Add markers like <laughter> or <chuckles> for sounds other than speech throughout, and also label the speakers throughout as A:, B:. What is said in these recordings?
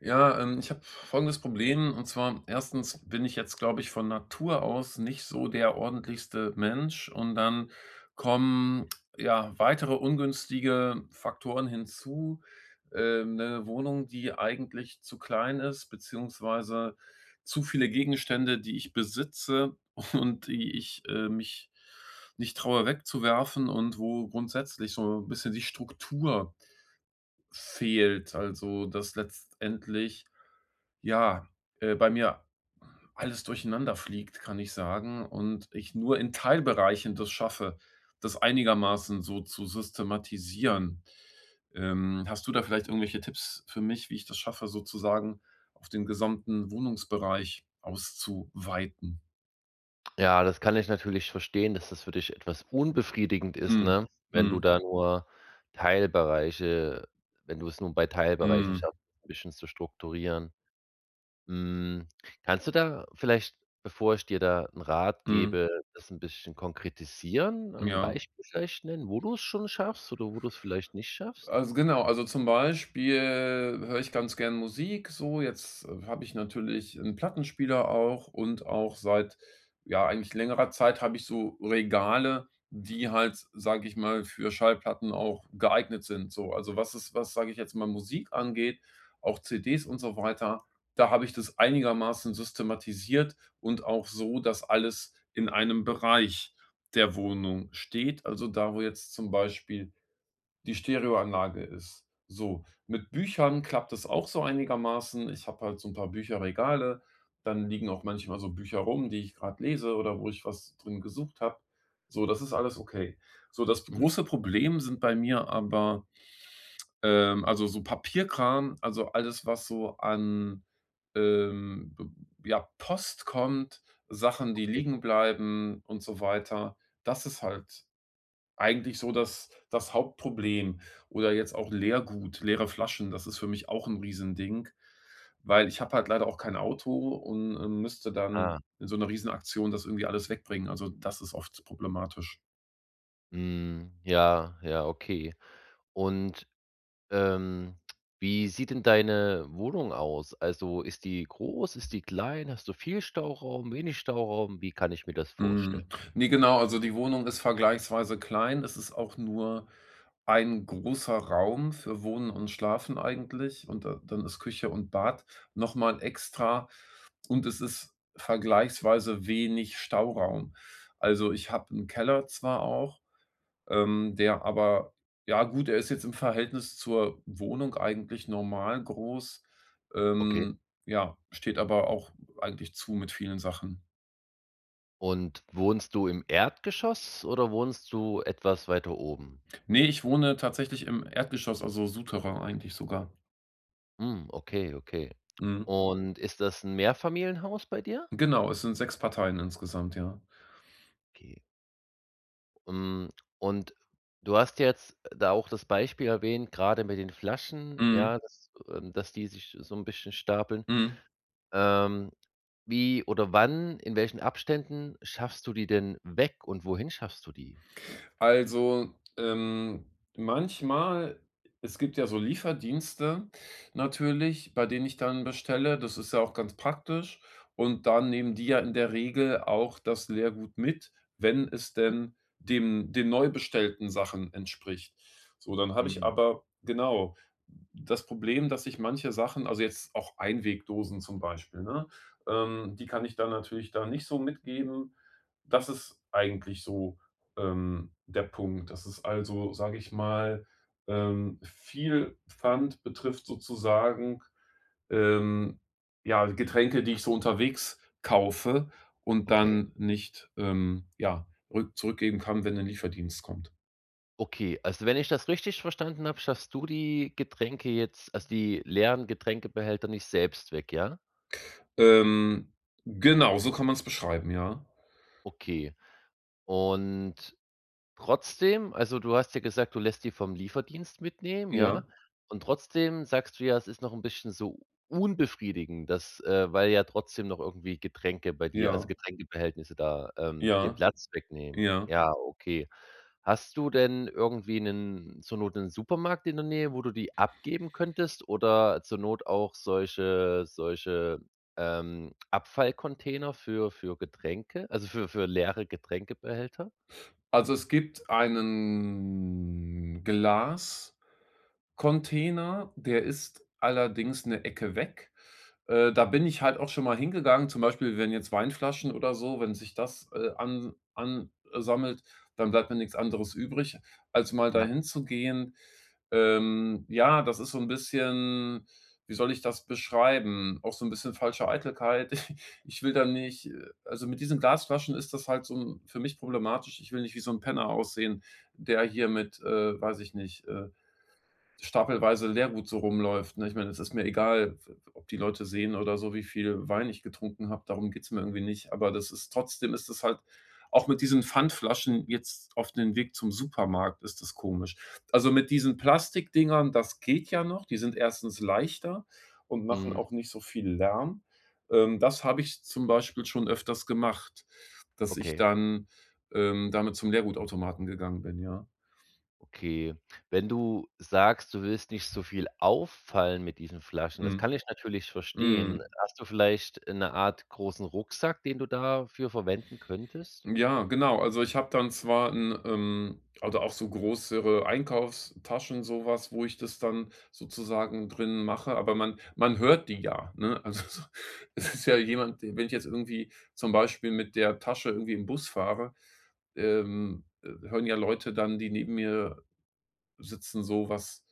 A: Ja, ähm, ich habe folgendes Problem. Und zwar 1. bin ich jetzt, glaube ich, von Natur aus nicht so der ordentlichste Mensch. Und dann kommen ja weitere ungünstige Faktoren hinzu. Ähm, 'ne Wohnung, die eigentlich zu klein ist, beziehungsweise zu viele Gegenstände, die ich besitze und die ich, äh, mich nicht traue wegzuwerfen, und wo grundsätzlich so bisschen die Struktur fehlt. Also, dass letztendlich ja, äh, bei mir alles durcheinanderfliegt, kann ich sagen und ich nur in Teilbereichen das schaffe, das einigermaßen so zu systematisieren. Ähm, hast du da vielleicht irgendwelche Tipps für mich, wie ich das schaffe, sozusagen auf den gesamten Wohnungsbereich auszuweiten?
B: Ja, das kann ich natürlich verstehen, dass das für dich etwas unbefriedigend ist,
A: Mhm,
B: ne? Wenn du
A: mhm.
B: da nur Teilbereiche wenn du es nur bei Teilbereichen
A: Mhm.
B: schaffst, 'n bisschen zu strukturieren. Hm, kannst du da vielleicht, bevor ich dir da 'n Rat
A: Mhm.
B: gebe, das 'n bisschen konkretisieren? Ein
A: Ja.
B: Beispiel vielleicht nennen, wo du es schon schaffst oder wo du es vielleicht nicht schaffst?
A: Also, genau, also zum Beispiel höre ich ganz gern Musik, so, jetzt habe ich natürlich 'n Plattenspieler auch und auch seit, ja, eigentlich längerer Zeit habe ich so Regale, die halt, s sage ich mal, für Schallplatten auch geeignet sind, so. Also was ist was, sage ich jetzt, mal Musik angeht, auch CDs und so weiter, da habe ich das einigermaßen systematisiert und auch so, dass alles in 1 Bereich der Wohnung steht. Also da, wo jetzt zum Beispiel die Stereoanlage ist, so. Mit Büchern klappt das auch so einigermaßen. Ich habe halt so'n paar Bücherregale, dann liegen auch manchmal so Bücher rum, die ich gerade lese oder wo ich was drin gesucht habe, so, das ist alles okay. So, das
B: Mhm.
A: große Problem sind bei mir, aber, ähm, also so Papierkram, also alles, was so an, ähm, b ja, Post kommt, Sachen, die
B: Okay.
A: liegen bleiben und so weiter. Das ist halt eigentlich so das das Hauptproblem, oder jetzt auch Leergut, leere Flaschen. Das ist für mich auch 'n Riesending, weil ich habe halt leider auch kein Auto und, ähm, müsste dann
B: Ah.
A: in so 'ner Riesenaktion das irgendwie alles wegbringen. Also, das ist oft problematisch.
B: Mhm, ja, ja, okay. Und, ähm, wie sieht denn deine Wohnung aus? Also ist die groß, ist die klein? Hast du viel Stauraum, wenig Stauraum? Wie kann ich mir das vorstel
A: Mhm, ne, genau, also, die Wohnung ist vergleichsweise klein. Es ist auch nur ein großer Raum für Wohnen und Schlafen eigentlich. Und da dann ist Küche und Bad noch mal extra. Und es ist vergleichsweise wenig Stauraum. Also, ich habe 'n Keller zwar auch, ähm, der aber ja, gut, er ist jetzt im Verhältnis zur Wohnung eigentlich normal groß.
B: Okay.
A: Ähm, ja, steht aber auch eigentlich zu mit vielen Sachen.
B: Und wohnst du im Erdgeschoss oder wohnst du etwas weiter oben?
A: Ne, ich wohne tatsächlich im Erdgeschoss, also, Souterrain eigentlich sogar.
B: Mhm, okay, okay.
A: Mhm.
B: Und ist das 'n Mehrfamilienhaus bei dir?
A: Genau, es sind sechs Parteien insgesamt, ja.
B: Okay. Mhm, und du hast jetzt da auch das Beispiel erwähnt, grade mit den Flaschen,
A: Mhm.
B: ja, dass, ähm dass die sich so 'n bisschen stapeln.
A: Mhm.
B: Ähm, wie oder wann, in welchen Abständen schaffst du die denn weg und wohin schaffst du die?
A: Also, ähm, manchmal es gibt ja so Lieferdienste natürlich, bei denen ich dann bestelle, das ist ja auch ganz praktisch. Und da nehmen die ja in der Regel auch das Lehrgut mit, wenn es
B: Mhm
A: denn dem den neu bestellten Sachen entspricht. So, dann habe ich
B: Mhm.
A: aber genau, das Problem, dass ich manche Sachen also, jetzt auch Einwegdosen zum Beispiel, ne? Ähm, die kann ich dann natürlich da nicht so mitgeben. Das ist eigentlich so, ähm, der Punkt. Dass es also, sage ich mal, ähm, viel Pfand betrifft sozusagen. Ähm, ja, Getränke, die ich so unterwegs kaufe und
B: Okay.
A: dann nicht, ähm, ja rück zurückgeben kann, wenn 'nen Lieferdienst kommt.
B: Okay, olso, wenn ich das richtig verstanden habe, schaffst du die Getränke jetzt, also, die leeren Getränkebehälter, nicht selbst weg, ja?
A: Ähm, genau, so kann man's beschreiben, ja.
B: Okay. Und trotzdem, also, du hast ja gesagt, du lässt die vom Lieferdienst mitnehmen,
A: Ja.
B: ja? Und trotzdem sagst du ja, „es ist noch 'n bisschen so unbefriedigend, dass, äh weil ja trotzdem noch irgendwie Getränke bei dir also,
A: Ja.
B: Getränkebehältnisse da, ähm, den
A: Ja,
B: Platz wegnehmen“.
A: ja.
B: Ja, okay, hast du denn irgendwie 'nen zur Not 'nen Supermarkt in der Nähe, wo du die abgeben könntest? Oder zur Not auch solche solche, ähm, Abfallcontainer für für Getränke, also, für für leere Getränkebehälter?
A: Also, es gibt einen Glascontainer. Der ist allerdings 'ne Ecke weg. Äh, da bin ich halt auch schon mal hingegangen. Zum Beispiel, wenn jetzt Weinflaschen oder so wenn sich das, äh, an an, äh, sammelt, dann bleibt mir nichts anderes übrig, als mal da
B: Ja.
A: hinzugehen. Ähm, ja, das ist so 'n bisschen, wie soll ich das beschreiben, auch so 'n bisschen falsche Eitelkeit. <chuckles> Ich will da nicht, äh also, mit diesen Glasflaschen ist das halt so 'n für mich problematisch. Ich will nicht wie so 'n Penner aussehen, der hier mit, äh, weiß ich nicht, äh, stapelweise Lehrgut so rumläuft, ne? Ich meine, es ist mir egal, f f ob die Leute sehen oder so, wie viel Wein ich getrunken habe, darum geht's mir irgendwie nicht. Aber das ist trotzdem ist es halt, auch mit diesen Pfandflaschen jetzt auf den Weg zum Supermarkt, ist das komisch. Also, mit diesen Plastikdingern, das geht ja noch. Die sind erstens leichter und machen
B: Mhm.
A: auch nicht so viel Lärm. Ähm, das habe ich zum Beispiel schon öfters gemacht, dass ich
B: Okay.
A: dann, ähm, damit zum Leergutautomaten gegangen bin, ja.
B: Okay, wenn du sagst, „du willst nicht so viel auffallen mit diesen Flaschen“. Das
A: Mhm,
B: kann ich natürlich verstehen.
A: mhm.
B: Hast du vielleicht, äh, 'ne Art großen Rucksack, den du dafür verwenden könntest?
A: Ja, genau. Also, ich habe dann zwar 'n, ähm oder auch so größere Einkaufstaschen, sowas, wo ich das dann sozusagen drin mache. Aber man man hört die ja, ne? Also so, es ist ja jemand d wenn ich jetzt irgendwie zum Beispiel mit der Tasche irgendwie im Bus fahre, ähm, äh, hören ja Leute dann, die neben mir sitzen, so was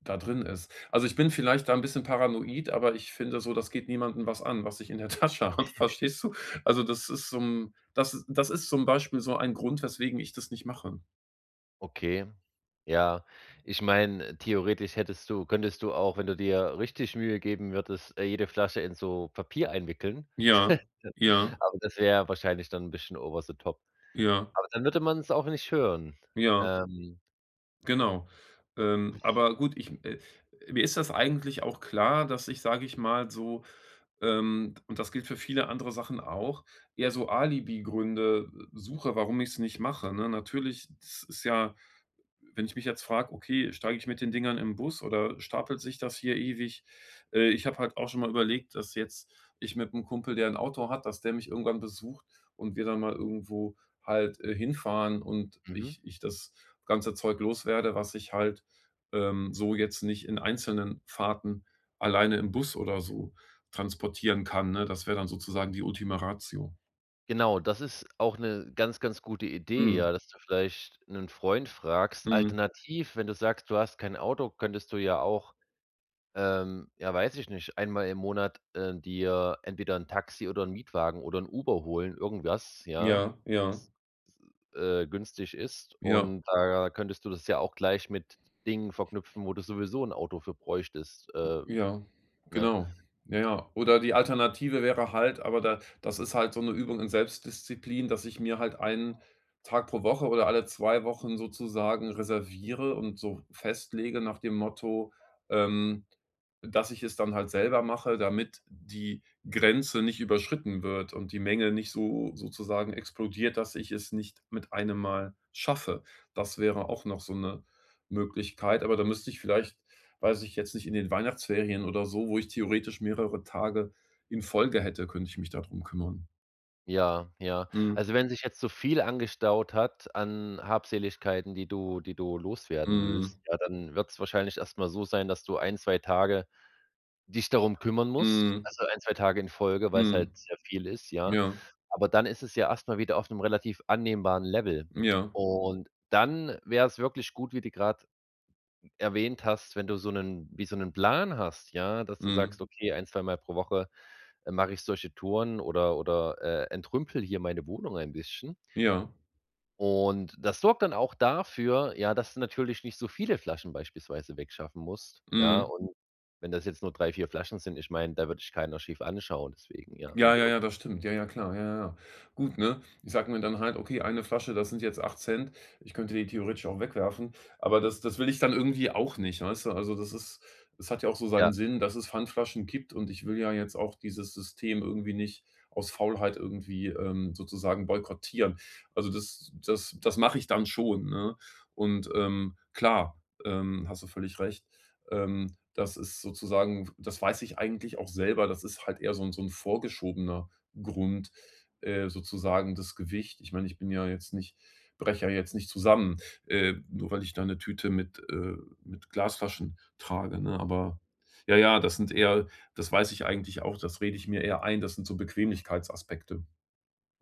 A: da drin ist. Also, ich bin vielleicht da 'n bisschen paranoid, aber ich finde so, das geht niemanden was an, was ich in der Tasche habe,
B: <chuckles>
A: verstehst du? Also, das ist so 'n das das ist zum Beispiel so ein Grund, weswegen ich das nicht mache.
B: Okay. Ja. Ich meine, theoretisch hättest du könntest du auch wenn du dir richtig Mühe geben würdest, jede Flasche in so Papier einwickeln.
A: Ja,
B: <chuckles>
A: ja.
B: Aber das wäre wahrscheinlich dann ein bisschen Over the Top.
A: Ja.
B: Aber dann würde man es auch nicht hören.
A: Ja.
B: Ähm.
A: Genau. Ähm, aber gut ich, äh mir ist das eigentlich auch klar, dass ich sage ich mal so, ähm und das gilt für viele andere Sachen auch eher so Alibi-Gründe suche, warum ich's nicht mache, ne? Natürlich es ist ja, wenn ich mich jetzt frage: „Okay, steige ich mit den Dingern in' Bus oder stapelt sich das hier ewig?“ Äh, ich habe halt auch schon mal überlegt, dass jetzt ich mit 'nem Kumpel, der 'n Auto hat, dass der mich irgendwann besucht und wir dann mal irgendwo halt, äh, hinfahren und
B: Mhm.
A: ich ich das ganze Zeug los werde, was ich halt, ähm, so jetzt nicht in einzelnen Fahrten alleine im Bus oder so transportieren kann, ne? Das wäre dann sozusagen die Ultima Ratio.
B: Genau. Das ist auch 'ne ganz ganz gute Idee,
A: Mhm.
B: ja, dass du vielleicht 'nen Freund fragst.
A: Mhm.
B: Alternativ, wenn du sagst, du hast kein Auto, könntest du ja auch, ähm ja, weiß ich nicht einmal im Monat, äh, dir entweder 'n Taxi oder 'n Mietwagen oder 'n Uber holen, irgendwas, ja.
A: Ja, ja.
B: äh, günstig ist.
A: Ja.
B: Und da könntest du das ja auch gleich mit Dingen verknüpfen, wo du sowieso 'n Auto für bräuchtest. Äh,
A: Ja,
B: ne?
A: genau. Ja ja. Oder die Alternative wäre halt aber da das ist halt so 'ne Übung in Selbstdisziplin, dass ich mir halt 1 Tag pro Woche oder alle 2 Wochen sozusagen reserviere und so festlege nach dem Motto, ähm, dass ich es dann halt selber mache, damit die Grenze nicht überschritten wird und die Menge nicht so sozusagen explodiert, dass ich es nicht mit einem Mal schaffe. Das wäre auch noch so 'ne Möglichkeit. Aber da müsste ich vielleicht weiß ich jetzt nicht, in den Weihnachtsferien oder so, wo ich theoretisch mehrere Tage in Folge hätte könnte ich mich da drum kümmern.
B: Ja, ja.
A: Mhm.
B: Also, wenn sich jetzt so viel angestaut hat an Habseligkeiten, die du die du loswerden willst,
A: Mhm.
B: ja, dann wird's wahrscheinlich erstmal so sein, dass du 1, 2 Tage dich darum kümmern musst.
A: Mhm.
B: Also 1, 2 Tage in Folge, weil's
A: Mhm.
B: halt sehr viel ist, ja.
A: Ja.
B: Aber dann ist es ja erstmal wieder auf 'nem relativ annehmbaren Level.
A: Ja.
B: Und dann wär's wirklich gut, wie du gerade erwähnt hast. Wenn du so 'nen wie so 'nen Plan hast, ja, dass du sagst:
A: Mhm.
B: „Okay, ein zweimal mal pro Woche, äh, mache ich solche Touren oder oder, äh, entrümple hier meine Wohnung ein bisschen.“
A: Ja.
B: Und das sorgt dann auch dafür, ja, dass du natürlich nicht so viele Flaschen beispielsweise wegschaffen musst, ja.
A: Mhm.
B: Und wenn das jetzt nur 3, 4 Flaschen sind. Ich meine, da wird dich keiner schief anschauen deswegen, ja, wenn
A: Ja,
B: du
A: ja,
B: irgend
A: ja, das stimmt. Ja, ja, klar. Ja, ja, ja. Gut, ne? Ich sage mir dann halt: „Okay, 1 Flasche, das sind jetzt 8ct.“ Ich könnte die theoretisch auch wegwerfen. Aber das das will ich dann irgendwie auch nicht, weißt du. Also, das ist das hat ja auch so
B: Ja.
A: seinen Sinn, dass es Pfandflaschen gibt und ich will ja jetzt auch dieses System irgendwie nicht aus Faulheit irgendwie, ähm, sozusagen boykottieren. Also das das das mache ich dann schon, ne? Und, ähm, klar, ähm, hast du völlig recht. Ähm, das ist sozusagen w das weiß ich eigentlich auch selber. Das ist halt eher so 'n so 'n vorgeschobener Grund. Äh, sozusagen das Gewicht. Ich meine, ich bin ja jetzt nicht breche ja jetzt nicht zusammen, äh, nur weil ich da 'ne Tüte mit äh, mit Glasflaschen trage, ne? Aber ja, ja, das sind eher das weiß ich eigentlich auch. Das rede ich mir eher ein. Das sind so Bequemlichkeitsaspekte.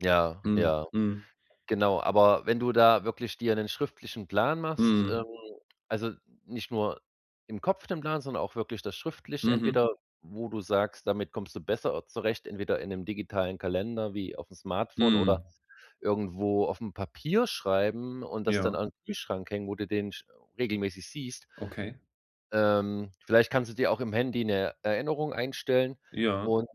B: Ja,
A: Mhm,
B: ja,
A: mhm.
B: genau. Aber wenn du da wirklich dir 'nen schriftlichen Plan machst,
A: Mhm.
B: ähm also, nicht nur im Kopf den Plan, sondern auch wirklich das schriftlich.
A: Mhm.
B: Entweder wo du sagst, damit kommst du besser zurecht. Entweder in 'nem digitalen Kalender wie auf'm Smartphone oder
A: Mhm.
B: irgendwo auf'm Papier schreiben und das dann
A: Ja.
B: an Kühlschrank hängen, wo du den sch regelmäßig siehst.
A: Okay.
B: Ähm, vielleicht kannst du dir auch im Handy 'ne Erinnerung einstellen
A: Ja.
B: und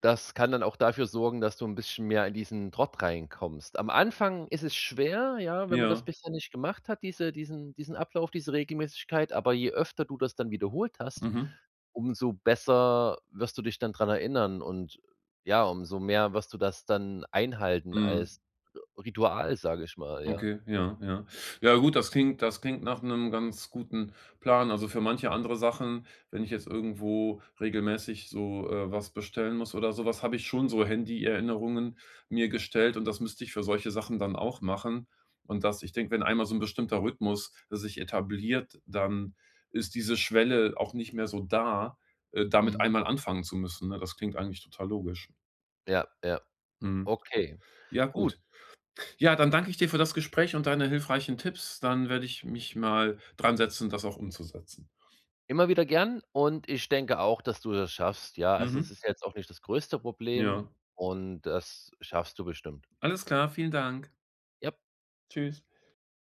B: das kann dann auch dafür sorgen, dass du 'n bisschen mehr in diesen Trott reinkommst. Am Anfang ist es schwer, ja, wenn man das
A: Ja.
B: bisher nicht gemacht hat, diese diesen diesen Ablauf, diese Regelmäßigkeit. Aber je öfter du das dann wiederholt hast,
A: Mhm.
B: umso besser wirst du dich dann dran erinnern. Und ja, umso mehr wirst du das dann einhalten
A: Mhm.
B: als Ri Ritual, sage ich mal, ja.
A: Okay. Ja, ja, ja, gut, das klingt das klingt nach 'nem ganz guten Plan. Also, für manche andere Sachen, wenn ich jetzt irgendwo regelmäßig so, äh, was bestellen muss oder so was habe ich schon so Handy-Erinnerungen mir gestellt. Und das müsste ich für solche Sachen dann auch machen. Und das ich denke, wenn einmal so ein bestimmter Rhythmus sich etabliert, dann ist diese Schwelle auch nicht mehr so da, äh, damit
B: Mhm.
A: einmal anfangen zu müssen. Ne, das klingt eigentlich total logisch.
B: Ja, ja,
A: Mhm,
B: okay,
A: ja,
B: gut.
A: gut. Ja, dann danke ich dir für das Gespräch und deine hilfreichen Tipps. Dann werde ich mich mal dransetzen, das auch umzusetzen.
B: Immer wieder gern. Und ich denke auch, dass du das schaffst. Ja, also, es
A: Mhm.
B: ist jetzt auch nicht das größte Problem.
A: Ja.
B: Und das schaffst du bestimmt.
A: Alles klar. Vielen Dank.
B: Jap.
A: Tschüss.